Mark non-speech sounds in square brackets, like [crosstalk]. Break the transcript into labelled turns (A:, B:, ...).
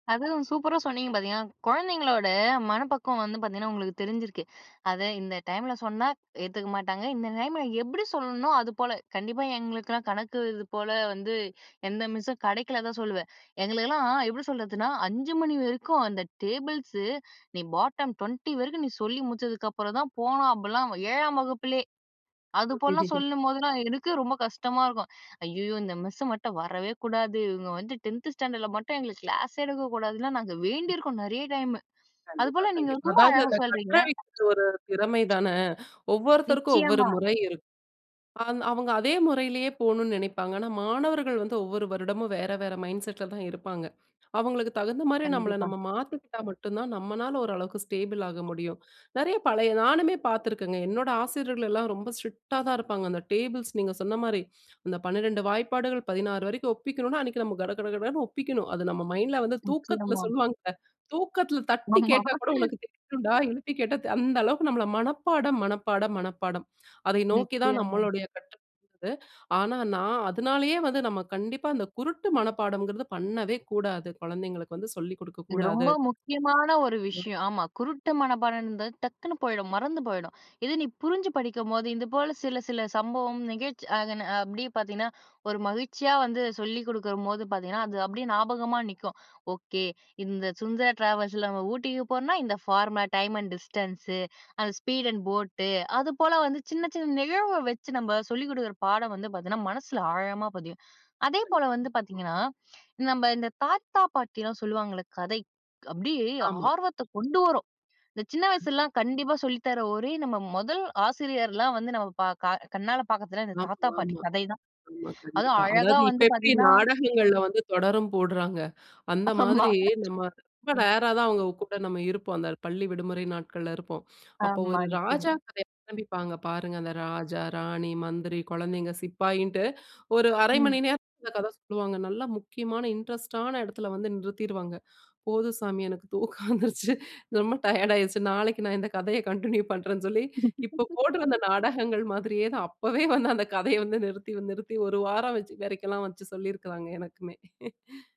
A: அதுவும் சூப்பரா சொன்னீங்க பார்த்தீங்கன்னா, குழந்தைங்களோட மனப்பக்குவம் வந்து பார்த்தீங்கன்னா, உங்களுக்கு தெரிஞ்சிருக்கு. அத இந்த டைம்ல சொன்னா ஏத்துக்க மாட்டாங்க. இந்த டைம்ல எப்பிடி சொல்லணுன்னோ! அதுபோல கண்டிப்பா எங்களுக்கெல்லாம் கணக்கு இதுபோல வந்து எந்த மிஸ்ஸும் கிடைக்கல தான் சொல்லுவேன். எங்களுக்கெல்லாம் எப்பிடி சொல்றதுன்னா 5:00 மணி வரைக்கும் அந்த டேபிள்ஸு நீ பாட்டம் 20 வரைக்கும் நீ சொல்லி முடிச்சதுக்கு அப்புறம் தான் போணும். அப்பிடிலாம் 7ஆம் வகுப்பிலே! அது போலலாம்
B: [chuckles]
A: சொல்லும்போதெல்லாம் எனக்கே ரொம்ப கஷ்டமா இருக்கும். "ஐயய்யோ! இந்த மிஸ்ஸ மட்டும் வரவே கூடாது. இவுங்க வந்து டென்த் ஸ்டாண்டர்ல மட்டும் எங்களுக்கு கிளாஸே எடுக்க கூடாதுன்னு." லாம் நாங்க வேண்டியிருக்கோம் நிறைய டைம்
B: கண்டிப்பா,
A: அதுபோல நீங்க
B: கண்டிப்பா.
A: ரொம்ப
B: அதாவது
A: அழகா
B: அந்த கற்ற
A: சொல்றீங்க.
B: [unintelligible] ஒரு திறமை தான, ஒவ்வொருத்தருக்கும் ஒவ்வொரு
A: நிச்சயமா!
B: முறை இருக்கு. ந்த அவுங்க அதே முறையிலேயே போணுன்னு நினைப்பாங்க. ஆனா மாணவர்கள் வந்து ஒவ்வொரு வருடமும் வேற, வேற மைண்ட் செட்ல தான் இருப்பாங்க. அவுங்களுக்கு தகுந்தமாரி நம்மள
A: கண்டிப்பா.
B: நம்ம மாத்திக்கிட்டா மட்டும் தான் நம்மனால ஓரளவுக்கு ஸ்டேபிள் ஆக முடியும். நிறைய பழைய நானுமே பார்த்துருக்கேங்க. என்னோட ஆசிரியர்கள் எல்லாம் ரொம்ப ஸ்ட்ரிக்ட்டா தான் இருப்பாங்க. அந்த டேபிள்ஸ் நீங்க சொன்ன மாதிரி அந்த 12 வாய்ப்பாடுகள் 16 வரைக்கும் ஒப்பிக்கணும். அன்னக்கி நம்ம கடகடகடன்னு ஒப்பிக்கணும். அது நம்ம மைண்ட்ல வந்து தூக்கத்துல
A: நிச்சயமா!
B: சொல்லுவாங்கல்ல தூக்கத்துல தட்டி
A: ஆமா
B: கேட்டா கூட உனக்கு தெரியனுன்டா!
A: [laughs]
B: எழுப்பி கேட்டா, அந்த அளவுக்கு நம்மள மனப்பாடம், மனப்பாடம், மனப்பாடம். அதை நோக்கி
A: நெக்ஸ்ட்
B: தான்
A: இயர் [unintelligible]
B: நம்மளுடைய [unintelligible] ஆனா நான் அதனாலேயே வந்து நம்ம கண்டிப்பா அந்த குருட்டு மனப்பாடங்கிறது பண்ணவே கூடாது. குழந்தைங்களுக்கு வந்து சொல்லிக் கொடுக்க
A: இது
B: கூடாது.
A: ரொம்ப முக்கியமான ஒரு
B: [unintelligible]
A: விஷயம். ஆமா, குருட்டு மனப்பாடம்ன்றது டக்குனு போயிடும். மறந்து போயிடும். இது நீ புரிஞ்சு படிக்கும்போது இது போல சில சில சம்பவம் நிகழ்ச்சி ஆதன அப்பிடியே பார்த்தீங்கன்னா, ஒரு மகிழ்ச்சியா வந்து சொல்லிக் கொடுக்கும்போது பார்த்தீங்கன்னா, அது அப்பிடியே ஞாபகமா நிக்கும். ஓகே. இந்த சுந்தரா டிராவல்ஸ்ல நம்ம ஊட்டிக்கு போறோன்னா, இந்த ஃபார்ம டைம் அண்ட் டிஸ்டன்ஸு அந்த ஸ்பீட் அண்ட் போட் அது போல வந்து சின்ன, சின்ன நிகழ்வ வச்சு நம்ம சொல்லிக் கொடுக்குற பாடம் வந்து பார்த்தீங்கன்னா, மனசுல ஆழமா பதியும். அதேபோல
B: கண்டிப்பா.
A: வந்து பார்த்தீங்கன்னா, நம்ம இந்த தாத்தா, பாட்டி எல்லாம் சொல்லுவாங்கல்ல கதை. அப்பிடியே
B: ஆமா.
A: ஆர்வத்த கொண்டு வரும். இந்த சின்ன வயசுலலாம் கண்டிப்பா சொல்லித்தர ஒரே நம்ம முதல் ஆசிரியர்லாம் வந்து நம்ம க கண்ணால பார்க்கறதுனா, இந்த
B: ஆமா,
A: தாத்தா, பாட்டி
B: ஆமா.
A: கதை தான்.
B: ஆமா,
A: அதுவும்
B: கண்டிப்பா.
A: அழகா
B: அதாவது இப்ப
A: வந்து
B: எப்பிடி
A: பார்த்தீங்கன்னா
B: நாடகங்கள்ல வந்து தொடரும் போட்றாங்க. அந்த
A: ஆமா.
B: மாதிரி நம்ம ரொம்ப
A: [unintelligible]
B: ரேர்ரா தான் அவுங்க கூட நம்ம இருப்போம். அந்த பள்ளி விடுமுறை நாட்கள்ல இருப்போம். அப்போ
A: ஆமா,
B: ஒரு ராஜா
A: நிக்கணும்.
B: கதைய ஆரம்பிப்பாங்க பாருங்க! அந்த ராஜா ராணி, மந்திரி, குழந்தைகள், சிப்பாயின்ட்டு ஒரு 1/2 மணி
A: ம்.
B: நேரம் இந்த கதை சொல்லுவாங்க, நல்லா முக்கியமான இன்ட்ரெஸ்ட் ஆன இடத்துல வந்து நிறுத்திடுவாங்க போதும் சாமி. எனக்கு தூக்கம் வந்துருச்சு ரொம்ப டயர்ட் ஆகிடுச்சு நாளைக்கு நான் இந்த கதையை கன்டின்யூ பண்ணுறேன்னு சொல்லி இப்போ போட்றந்த நாடகங்கள் மாதிரியே தான் அப்பவே வந்து அந்த கதையை வந்து நிறுத்தி நிறுத்தி ஒரு வாரம் வச்சு வரைக்கெல்லாம் வச்சு சொல்லியிருக்கிறாங்க. எனக்குமே! [chuckles]